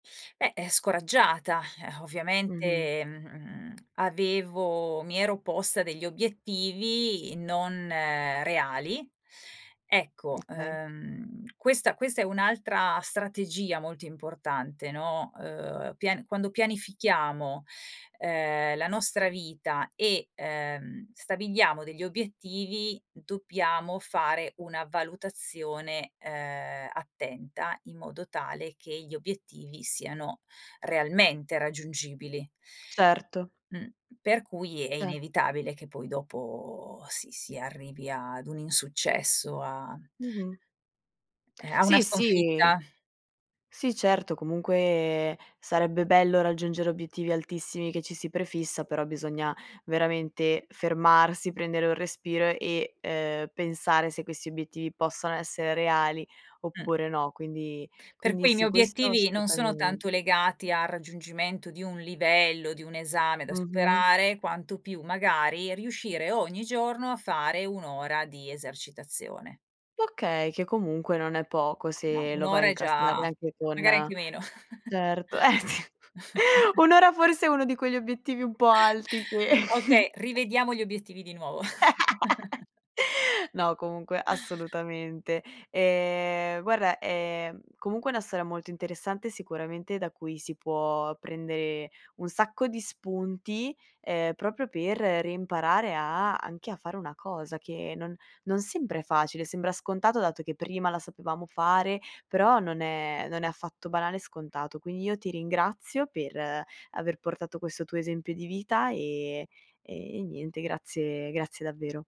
Beh, eh, scoraggiata Mh-mh. ovviamente, mhmm, avevo mi ero posta degli obiettivi non reali. Ecco, Okay. uhm, questa questa è un'altra strategia molto importante, no, uhm, pian quando pianifichiamo, ehm, la nostra vita e, ehm, stabiliamo degli obiettivi, dobbiamo fare una valutazione, ehm, attenta in modo tale che gli obiettivi siano realmente raggiungibili. Certo. Mh, per cui è Ce inevitabile che poi dopo si si arrivi ad un insuccesso, a Mh-mh. eh, a una Sì, sì. sconfitta. Sì, certo, comunque sarebbe bello raggiungere obiettivi altissimi che ci si prefissa, però bisogna veramente fermarsi, prendere un respiro e, uhm, pensare se questi obiettivi possano essere reali, Mh. oppure no. Quindi Per quindi cui i sì, miei questo obiettivi non sono tanto assolutamente. legati al raggiungimento di un livello, di un esame da Mh-mh. superare, quanto più magari riuscire ogni giorno a fare 1 ora di esercitazione. Okay, che comunque non è poco No, se 1 lo vai ora a è incastrare già anche magari con anche meno. certo, eh sì, 1 ora forse è uno di quegli obiettivi un po' alti che Okay rivediamo gli obiettivi di nuovo. No, comunque assolutamente. Ehm, guarda, ehm, comunque una storia molto interessante, sicuramente, da cui si può prendere un sacco di spunti, ehm, proprio per reimparare a anche a fare una cosa che non non sempre è facile, sembra scontato dato che prima la sapevamo fare, però non è non è affatto banale, scontato. Quindi io ti ringrazio, per aver portato questo tuo esempio di vita e e niente, grazie grazie davvero.